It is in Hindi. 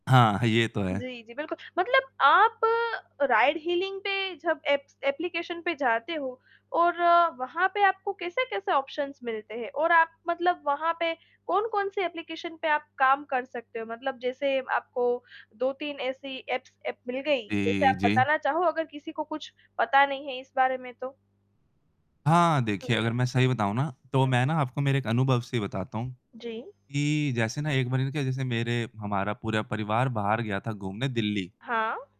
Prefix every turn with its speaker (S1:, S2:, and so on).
S1: हाँ, ये तो है।
S2: जी, जी। बिल्कुल, मतलब आप राइड हीलिंग पे जब एप्स एप्लीकेशन पे जाते हो और वहाँ पे आपको कैसे-कैसे ऑप्शंस मिलते हैं, और आप मतलब वहाँ पे कौन-कौन-सी एप्लीकेशन पे आप काम कर सकते हो मतलब जैसे आपको 2-3 ऐसी एप्स एप्प मिल गयी जैसे
S1: जी,
S2: आप
S1: जी।
S2: बताना चाहो अगर किसी को कुछ पता नहीं है इस बारे में तो?
S1: हाँ, देखिए
S2: हुँ।
S1: अगर मैं सही बताऊँ ना, तो
S2: हुँ।
S1: मैं ना आपको मेरे एक अनुभव से बताता हूँ
S2: जी।
S1: कि जैसे ना, एक बारी ना जैसे मेरे हमारा पूरा परिवार बाहर गया था घूमने दिल्ली
S2: हाँ।